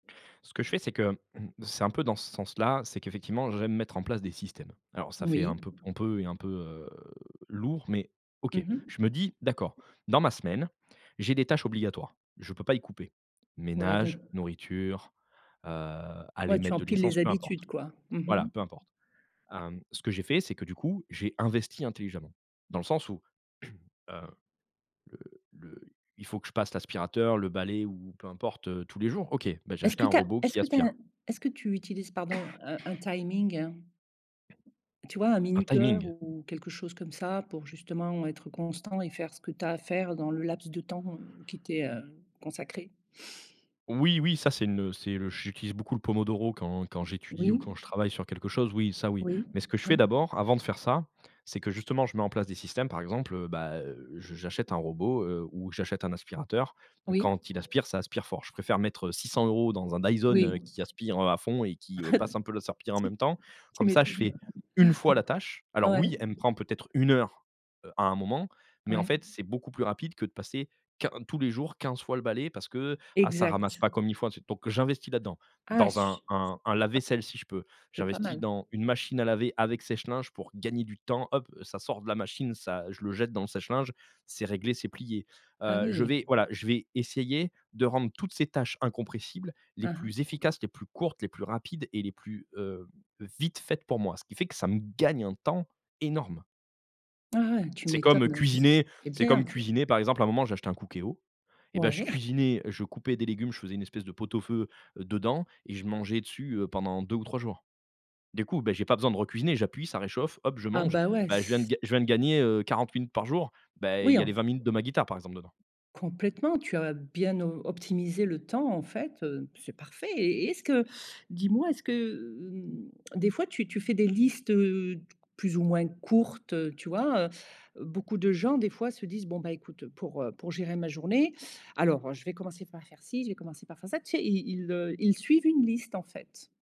Ce que je fais, c'est que mmh. C'est un peu dans ce sens-là, c'est qu'effectivement j'aime mettre en place des systèmes. Alors ça fait un Oui. peu pompeux et un peu heu, lourd, mais OK. Mmh mh. Je me dis: «D'accord, dans ma semaine, j'ai des tâches obligatoires. Je peux pas y couper. Ouais Ménage, donc nourriture, heu, aller Ouais tu mettre de empiles les l'essence,» peu habitudes importe. quoi? Mmh Voilà mh. peu importe. Hem, ce que j'ai fait, c'est que du coup, j'ai investi intelligemment. Dans le sens où, heu, le le il faut que je passe l'aspirateur, le balai ou peu importe, tous les jours OK? Bah j'ai Est-ce acheté que un tu as robot est-ce qui que tu as un aspire. est-ce que tu utilises, pardon, heu, un timing? Tu vois un Un minuteur timing? ou quelque chose comme ça, pour justement, être constant et faire ce que tu as à faire dans le laps de temps, heu, qui t'est, heu, consacré? Oui, oui. Ca c'est une, heu, c'est le j'utilise beaucoup le pomodoro quand quand j'étudie ou Oui. quand je travaille sur quelque chose. Oui, ça oui. Oui. Mais ce que je Oui. fais d'abord, avant de faire ça, c'est que justement, je mets en place des systèmes, par exemple, bah, heu, j'a j'achète un robot, heu, ou j'achète un aspirateur. Oui. Quand il aspire, ça aspire fort. Je préfère mettre, heu, 600 € dans un Dyson, Oui. heu, qui aspire à fond et qui, heu, passe un peu la serpillière en Tu même temps, tu comme ça je m'étonnes. fais 1 fois la tâche. Alors Ouais. oui, elle me prend peut-être 1 heure, heu, à un moment mais en Ouais. fait, c'est beaucoup plus rapide que de passer quin tous les jours 15 fois le balai parce que ah ça ramasse Exact. pas comme il faut. Donc j'investis là-dedans, Ah dans un su ah. un un lave-vaisselle si je peux. C'est pas J'investis mal. dans une machine à laver avec sèche-linge pour gagner du temps, hop, ça sort de la machine, ça je le jette dans le sèche-linge, c'est réglé, c'est plié. Ah Heu, je oui. vais voilà, je vais essayer de rendre toutes ces tâches incompressibles les Hein, plus hein. efficaces, les plus courtes, les plus rapides et les plus, heu, vite faites pour moi. Ce qui fait que ça me gagne un temps énorme. Ah ouais tu C'est comme, heu, m'étonnes, c cuisiner. c'est C'est bien. comme cuisiner, par exemple à un moment j'ai acheté un Cookéo et bah je Ouais. cuisinais, je coupais des légumes, je faisais une espèce de pot-au-feu, heu, dedans et je mangeais dessus, heu, pendant 2 ou 3 jours. Du coup, bah j'ai pas besoin de re-cuisiner, j'appuie, ça réchauffe, hop, je Ah mange. bah ouais Bah je viens s g je viens de gagner, heu, 40 minutes par jour. Bah il Oui y a les enf 20 minutes de ma guitare par exemple dedans. Complètement, tu as bien op optimisé le temps en fait, heu, c'est parfait et est-ce que dis-moi, est-ce que, hem, des fois tu tu fais des listes, heu, plus ou moins courtes, heu, tu vois, heu, beaucoup de gens des fois se disent: «Bon bah écoute, pour, heu, pour gérer ma journée, alors, heu, je vais commencer par faire-ci, je vais commencer par faire-ça», tu sais, ils ils, heu, ils suivent une liste en fait.